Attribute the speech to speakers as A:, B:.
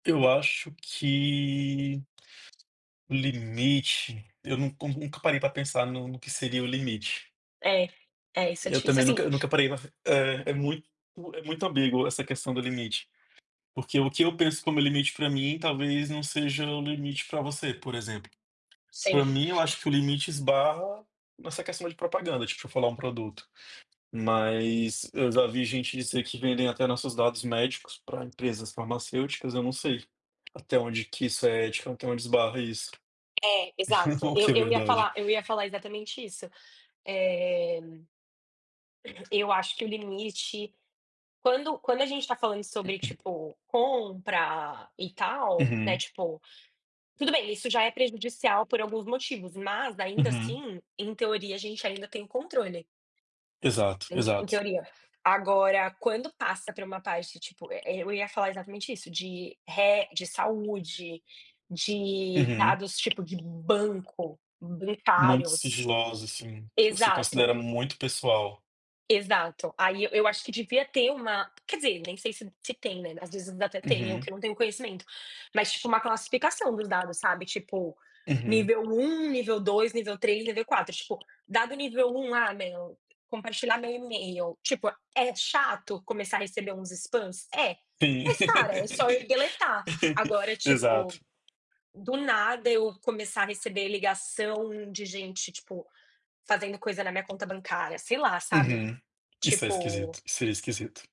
A: Eu acho que limite, eu nu nunca parei pra pensar no no que seria o limite.
B: É, é, isso é
A: Eu
B: difícil.
A: também
B: Assim
A: nunca nunca parei é, é muito é muito ambíguo essa questão do limite. Porque o que eu penso como limite pra mim talvez não seja o limite pra você, por exemplo.
B: Sim.
A: Pra mim, eu acho que o limite esbarra nessa questão de propaganda, tipo, eu falar um produto, mas eu já vi gente dizer que vendem até nossos dados médicos pra empresas farmacêuticas. Eu não sei até onde que isso é ético, até onde esbarra isso.
B: É, exato.
A: Ou
B: Eu
A: que é
B: eu ia
A: verdade.
B: falar eu ia falar exatamente isso. Eh, eu acho que o limite quando quando a gente tá falando sobre, tipo, compra e tal, né,
A: Uhum.
B: tipo, tudo bem, isso já é prejudicial por alguns motivos, mas ainda
A: Uhum.
B: assim, em teoria, a gente ainda tem controle.
A: Exato,
B: Em em
A: exato.
B: teoria. Agora quando passa pra uma parte, tipo, eh, eu ia falar exatamente isso, de re de saúde, de
A: Uhum.
B: dados, tipo, de banco,
A: Muito
B: bancários.
A: sigiloso, assim, que você
B: Exato.
A: considera muito pessoal.
B: Exato. Aí eu eu acho que devia ter uma quer dizer, nem sei se se tem, né, ás vezes até tem, eu que
A: Uhum.
B: não tenho o conhecimento. Mas, tipo, uma classificação dos dados, sabe, tipo,
A: Uhum.
B: nível 1, nível 2, nível 3, nível 4. Tipo, dado nível 1, ah, meu, compartilhar meu e-mail, tipo, é chato começar a receber uns spams? É, mas, cara, é só eu deletar. Agora,
A: Exato.
B: tipo, do nada eu começar a receber ligação de gente, tipo, fazendo coisa na minha conta bancária, sei lá, sabe,
A: Uhum. Isso é
B: tipo
A: esquisito, isso é esquisito